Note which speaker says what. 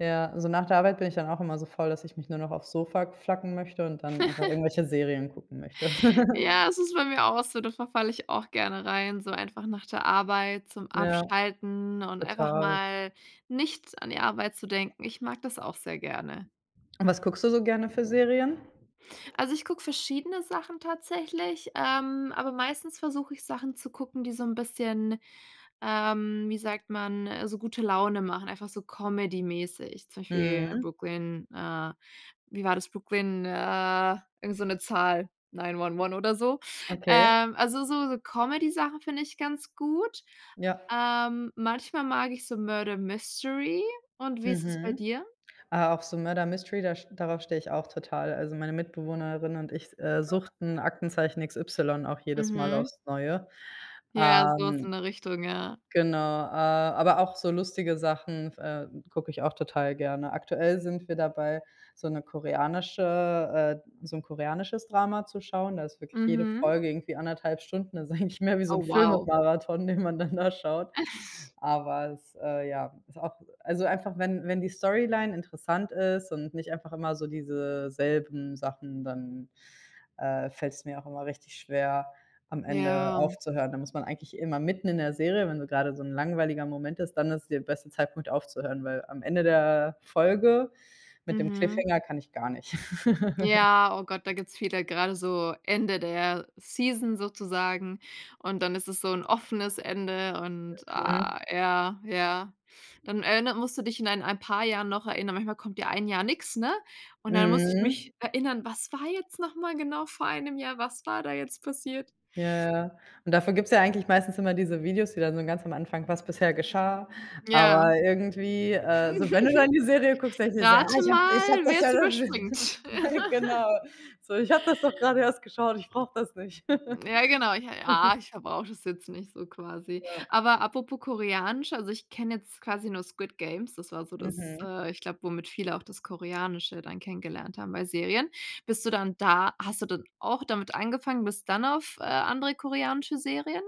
Speaker 1: Ja, so nach der Arbeit bin ich dann auch immer so voll, dass ich mich nur noch aufs Sofa flacken möchte und dann einfach irgendwelche Serien gucken möchte.
Speaker 2: Ja, es ist bei mir auch so, da verfalle ich auch gerne rein, so einfach nach der Arbeit zum
Speaker 1: Ja,
Speaker 2: Abschalten und einfach
Speaker 1: total.
Speaker 2: mal nicht an die Arbeit zu denken. Ich mag das auch sehr gerne.
Speaker 1: Und was guckst du so gerne für Serien?
Speaker 2: Also, ich gucke verschiedene Sachen tatsächlich, ähm, aber meistens versuche ich Sachen zu gucken, die so 'n bisschen, ähm, wie sagt man, äh, so gute Laune machen, einfach so comedy-mäßig. Zum Beispiel
Speaker 1: Mhm.
Speaker 2: Brooklyn, äh wie war das Brooklyn, äh, irgend so 'ne Zahl, Nine-One-One oder so.
Speaker 1: Okay.
Speaker 2: Ähm, also, so Comedy-Sachen finde ich ganz gut.
Speaker 1: Ja.
Speaker 2: Ähm, manchmal mag ich so Murder Mystery und wie ist es bei
Speaker 1: Mhm.
Speaker 2: dir?
Speaker 1: Ah, auch so Murder Mystery, da st darauf stehe ich auch total. Also, meine Mitbewohnerin und ich, äh, suchten Aktenzeichen XY auch jedes Mal
Speaker 2: Mhm.
Speaker 1: aufs Neue,
Speaker 2: Ja, so was
Speaker 1: ähm,
Speaker 2: in der Richtung, ja.
Speaker 1: genau, äh, aber auch so lustige Sachen f äh, gucke ich auch total gerne. Aktuell sind wir dabei, so 'ne koreanische äh, so 'n koreanisches Drama zu schauen. Da ist wirklich jede
Speaker 2: Mhm.
Speaker 1: Folge irgendwie 1 1/2 Stunden das ist eigentlich mehr wie so
Speaker 2: Oh
Speaker 1: 'n
Speaker 2: wow.
Speaker 1: Filmemarathon, den man dann da schaut. Aber es, äh, ja, ist auch also, einfach wenn wenn die Storyline interessant ist und nicht einfach immer so diese selben Sachen, dann, äh, fällt's mir auch immer richtig schwer, am Ende
Speaker 2: Ja.
Speaker 1: aufzuhören. Da muss man eigentlich immer mitten in der Serie wenn so grade so 'n langweiliger Moment ist, dann ist der beste Zeitpunkt aufzuhören, weil am Ende der Folge mit dem
Speaker 2: Mhm.
Speaker 1: Cliffhanger kann ich gar nicht.
Speaker 2: Ja, oh Gott, da gibt's viele grade so Ende der Season sozusagen und dann ist es so 'n offenes Ende und
Speaker 1: Okay.
Speaker 2: ah, ja, ja. Dann erinnert musst du dich in ein ein paar Jahren noch erinnern. Manchmal kommt ja ein Jahr nix, ne, und dann muss ich
Speaker 1: Mhm.
Speaker 2: mich erinnern: „Was war jetzt noch mal genau vor einem Jahr? Was war da jetzt passiert?“
Speaker 1: Ja, ja. Und dafür gibt's ja eigentlich meistens immer diese Videos, die dann so ganz am Anfang was bisher geschah.
Speaker 2: Ja.
Speaker 1: Aber irgendwie, äh, so wenn du dann die Serie guckst, denkst du dir so: „Ja,
Speaker 2: Rate
Speaker 1: ich habe,
Speaker 2: mal,
Speaker 1: ich habe das ja
Speaker 2: wer's
Speaker 1: noch nicht
Speaker 2: überspringt.
Speaker 1: Genau. So, ich habe so das doch grade erst geschaut, ich brauche das nicht.“
Speaker 2: Ja genau, ich ah, ich f brauche das jetzt nicht so quasi.
Speaker 1: Ja.
Speaker 2: Aber apropos koreanisch, also, ich kenne jetzt quasi nur Squid Games. Das war so das
Speaker 1: Mhm.
Speaker 2: äh, ich glaube, womit viele auch das Koreanische dann kennengelernt haben bei Serien. Bist du dann da hast du dann auch damit angefangen bist dann auf, äh, andere koreanische Serien?